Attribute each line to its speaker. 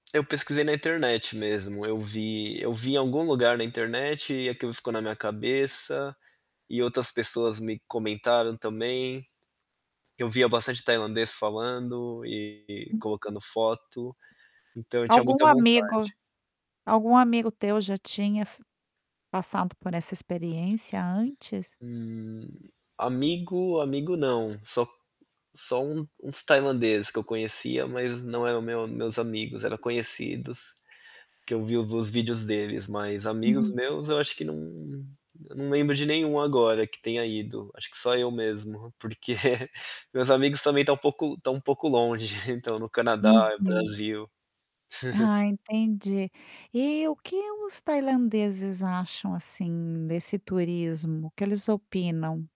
Speaker 1: Eu pesquisei na internet mesmo, eu vi eu vi em algum lugar na internet e aquilo ficou na minha cabeça, e outras pessoas me comentaram também. Eu via bastante tailandês falando e
Speaker 2: Hum.
Speaker 1: colocando foto. Então, eu tinha
Speaker 2: Algum
Speaker 1: muita
Speaker 2: amigo
Speaker 1: vontade.
Speaker 2: algum amigo teu já tinha fi passado por essa experiência antes?
Speaker 1: Hum, amigo, amigo não, só só um uns tailandês que eu conhecia mas não era o meu meus amigos, era conhecidos, que eu vi os vídeos deles mas amigos
Speaker 2: Uhum.
Speaker 1: meus eu acho que não, eu não lembro de nenhum agora que tenha ido, acho que só eu mesmo porque meus amigos também estão um pouco estão um pouco longe, estão no Canadá,
Speaker 2: Uhum.
Speaker 1: Brasil.
Speaker 2: Ah, entendi. Eh o que os tailandeses acham, assim, desse turismo, o que eles opinam?